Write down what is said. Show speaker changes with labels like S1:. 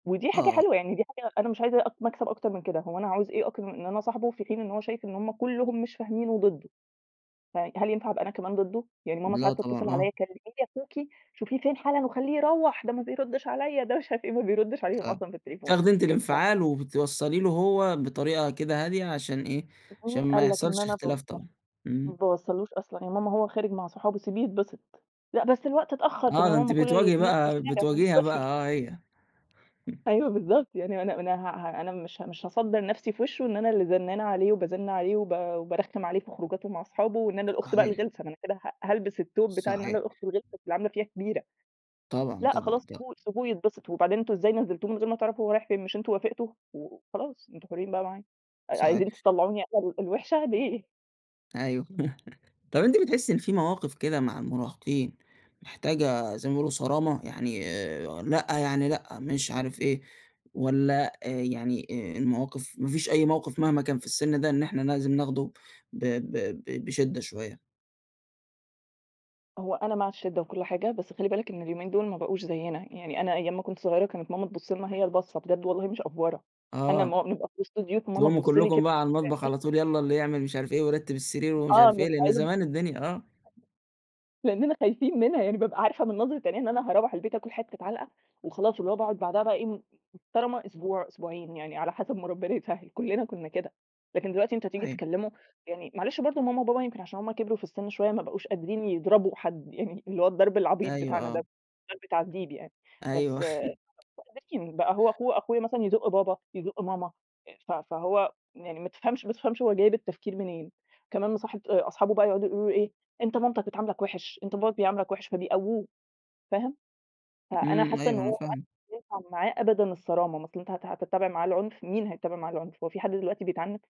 S1: ودي حاجة
S2: آه.
S1: حلوة، يعني دي حاجة أنا مش عايزة أ مكسب أكتر من كده، هو أنا هاعوز إيه أكتر إن أنا أصاحبُه في حين إن هو شايف إن هم كلهم مش فاهمينُه وضدُّه، ف هل ينفع أبقى أنا كمان ضدُّه! يعني ماما
S2: لأ
S1: ساعات
S2: طبعًا،
S1: تتصل
S2: آه.
S1: عليَّ كلّمي لي أخوكِ شوفيه فين حالًا وخلّيه يروَّح، ده ما بيردِّش عليَّ ده مش عارف إيه، ما بيردش عليهم
S2: فاهمِك،
S1: أصلًا في التليفون
S2: تاخدي أنتِ
S1: ف
S2: الانفعال وبتوصَّلي له هو بطريقة كده هادية، عشان إيه،
S1: طَب
S2: عشان
S1: ومين
S2: ما
S1: قال لك إن
S2: يحصلش
S1: أنا باوصَّل
S2: اختلاف
S1: له،
S2: طبعًا،
S1: ما
S2: إمم.
S1: باوصَّلوش أصلًا، يا ماما هو خارج مع صحابُه سيبيه يتبسط، لأ بس الوقت اتأخّر، طَب
S2: آه،
S1: يا
S2: ده
S1: ماما
S2: أنتِ
S1: ما كُلّ
S2: بتواجهي
S1: الناس في
S2: بقى،
S1: الشارع ماهوش
S2: بتواجهيها بقى
S1: طفل.
S2: آه هي، إمم.
S1: أيوه بالضبط، يعني ما أنا أنا ه ه أنا مش مش هاصدَّر نفْسي في وشه إن أنا اللي زنانة عليه، وبازِنّ عليه، وب وبارخِّم عليه في خروجاتُه مع أصحابُه وإن أنا الأخت بقى
S2: صحيح.
S1: الغلسة، ما أنا كده ه هالبس التوب بتاع إن أنا
S2: صحيح.
S1: الأخت الغلسة اللي عاملة فيها كبيرة،
S2: طبعًا،
S1: لأ
S2: طبعًا
S1: خلاص
S2: د
S1: سيبوه سيبوه يتبسط، وبعدين أنتم إزاي نزِّلتوه من غير ما تعرفوا هو رايح فين، مش أنتم وافقتوا؟ و خلاص أنتم حُرّين بقى معاه، ع عايزين
S2: صحيح.
S1: تطلّعوني أنا الوحشة، ليه؟!
S2: أيوه، طَب أنتِ بتحسّي إن في مواقف كده مع المراهقين، محتاجة زي ما بيقولوا صرامة، يعني آآ، لأ يعني لأ، مش عارف إيه والَّا آآ، يعني المواقف ما فيش أي موقف مهما كان في السن ده إن إحنا لازم ناخده ب ب ب بشِّدة شوية؟
S1: هو أنا مع الشِّدة وكل حاجة، بس خلِّ بالك إن اليومين دُول ما بقوش زيّنا، يعني أنا أيام ما كنت صغيرة كانت ماما تبُصّ لنا، هي البَصّة بجد والله مش أفورة، أنا
S2: آه،
S1: لمّا أبقى في وسط ضيوف فماما
S2: تقوموا
S1: تبُصّ لي
S2: كلكم
S1: كده
S2: بقى على المطبخ
S1: بعينيها
S2: على طول يالَّا، اللي يعمل مش عارف إيه ويرتّب السرير، ومش
S1: آه
S2: عارف إيه،
S1: من
S2: لأن
S1: [unintelligible]
S2: زمان الدنيا آه.
S1: لأننا خايفين منها، يعني بابقى عارفة من نظرة عينيها إن أنا هاروَّح البيت هاكل حتة عَلْقَة، وخلاص اللي هو باقعد بعدها بقي إيه محترمة أسبوع، أسبوعين يعني على حسب ما ربنا يسهّل كلنا كنا كده، لكن دلوقتي أنت تيجي
S2: أيوه.
S1: تكلّمُه يعني معلش برضه ماما وبابا يمكن عشان هُم كِبروا في السِنّ شوية، ما بقوش قادرين يضربوا حد، يعني اللي هو الضرب العبيط
S2: أيوه،
S1: بتاعنا دوَّة
S2: آه.
S1: مش ضرْب تعذيب يعني، بس
S2: أيوه.
S1: [unintelligible] بقى هو أخو أخويا مثلًا يزُق بابا، يزُق ماما ف فهو يعني ما تفهمش ما تفهمش هو جايب التفكير منين، كمان مصاحب أصحابه بقى يقعدوا يقولوا له إيه "أنت مامتك بتعاملك وِحِش، أنت باباك بيعاملك وِحِش" فبيقوّوه، فاهم، فأنا
S2: إمم،
S1: حاسة إن
S2: أيوه، أنا
S1: هو ما
S2: فاهمِك.
S1: عادش ينفع معاه أبدًا الصرامة، ما أصل أنت هت هتتَّبع معاه العُنف، مين هيتَّبع معاه العُنف، هو في حد دلوقتي بيتعنِّف؟!